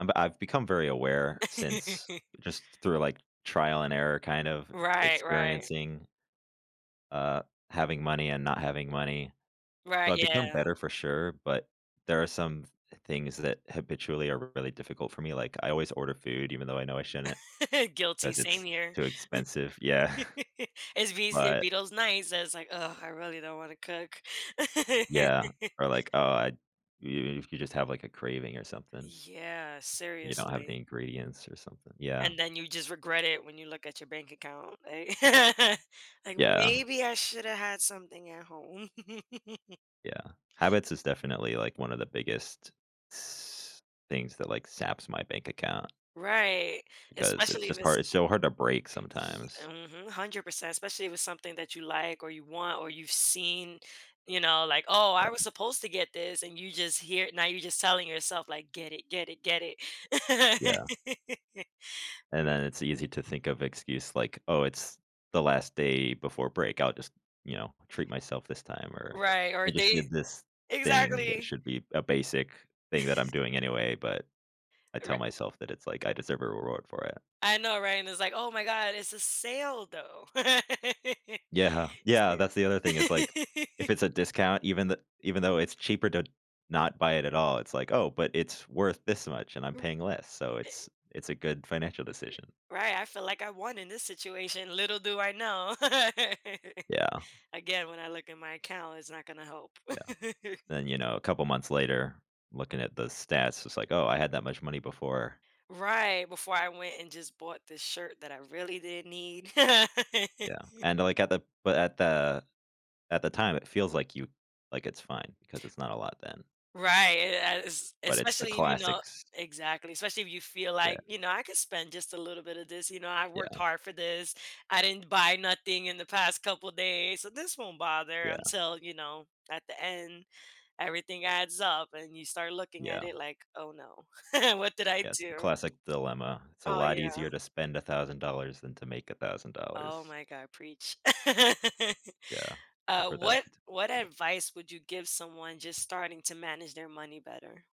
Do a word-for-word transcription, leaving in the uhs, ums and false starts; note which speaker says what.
Speaker 1: Um I've become very aware since just through, like, trial and error kind of
Speaker 2: Right. Right.
Speaker 1: experiencing uh, having money and not having money.
Speaker 2: Right.
Speaker 1: But become
Speaker 2: Yeah.
Speaker 1: better for sure, but there are some th things that habitually are really difficult for me. Like, I always order food even though I know I shouldn't
Speaker 2: Guilty,
Speaker 1: 'cause
Speaker 2: same
Speaker 1: it's
Speaker 2: here.
Speaker 1: too expensive. Yeah.
Speaker 2: As be s it be
Speaker 1: But
Speaker 2: those nights, that it’s like, “Ugh, I really don't wanna cook.”
Speaker 1: Yeah, or like, oh, I you you could just have, like, a craving or something.
Speaker 2: Yeah,
Speaker 1: You don't have
Speaker 2: seriously.
Speaker 1: the ingredients or something. Yeah.
Speaker 2: And then you just regret it when you look at your bank account, a Like,
Speaker 1: Yeah.
Speaker 2: "Maybe I shoulda had something at home."
Speaker 1: Yeah. Habits is definitely, like, one of the biggest s things that, like, saps my bank account
Speaker 2: Right,
Speaker 1: because it's
Speaker 2: especially if
Speaker 1: just
Speaker 2: it's
Speaker 1: hard it's so hard to break
Speaker 2: ye
Speaker 1: sometimes.
Speaker 2: mhm. hundred percent, especially if it's something that you like or you want or you've seen, you know, like, "Oh, I was
Speaker 1: Yeah.
Speaker 2: supposed to get this", and you just here Now you're just telling yourself, like, "Get it, get it, get it."
Speaker 1: Yeah. And
Speaker 2: We
Speaker 1: then it's easy to think of excuse like, "Oh, it's the last day before break. I'll just, you know, treat myself this time," or,
Speaker 2: Right, or
Speaker 1: "I just
Speaker 2: they
Speaker 1: did this thing that
Speaker 2: exactly.
Speaker 1: should be a basic thing that I'm doing anyway," but I
Speaker 2: E ri
Speaker 1: tell myself that it's like, "I deserve a reward for it."
Speaker 2: I know right, and its like, "Oh my god, it's a sale, though."
Speaker 1: Yeah.
Speaker 2: It’s
Speaker 1: Yeah, that's the other thing, it's like,
Speaker 2: the
Speaker 1: if it's a discount, even th even though it's cheaper to not buy it at all, it's like, "Oh, but it's worth this much, and I'm
Speaker 2: R
Speaker 1: paying less, so
Speaker 2: a
Speaker 1: it's it's a good financial decision."
Speaker 2: Right, I feel like I won in this situation, little do I know.
Speaker 1: Yeah.
Speaker 2: Again, when I look at my account, it's not gonna help.
Speaker 1: Yeah. Then, you know, couple months later, looking at the stats, it's like, “Oh, I had that much money before.”
Speaker 2: Right, before I went and just bought this shirt that I really didn't need.
Speaker 1: Yeah, and, like, at the but at the at the time, it feels like you like, it's fine because it's not a lot then.
Speaker 2: Right, yes,
Speaker 1: But it's the
Speaker 2: especially if you know
Speaker 1: classics.
Speaker 2: Exactly, especially if you feel
Speaker 1: Yeah.
Speaker 2: like, you know, “I could spend just a little bit of this, you know, I worked
Speaker 1: Yeah.
Speaker 2: hard for this. I didn't buy nothing in the past couple days, so this won't bother"
Speaker 1: Yeah.
Speaker 2: until, you know, at the end, everything adds up, and you start looking at
Speaker 1: Yeah.
Speaker 2: it like, “Oh, no.” “What did I
Speaker 1: Yeah, it's the
Speaker 2: do?”
Speaker 1: classic dilemma, "It's a
Speaker 2: Oh,
Speaker 1: lot
Speaker 2: yeah.
Speaker 1: easier to spend a thousand dollars than to make a thousand dollars."
Speaker 2: Oh my god. Preach.
Speaker 1: Yeah, I've
Speaker 2: Uh,
Speaker 1: heard that a
Speaker 2: what
Speaker 1: few times as
Speaker 2: what
Speaker 1: well.
Speaker 2: advice would you give someone just starting to manage their money better?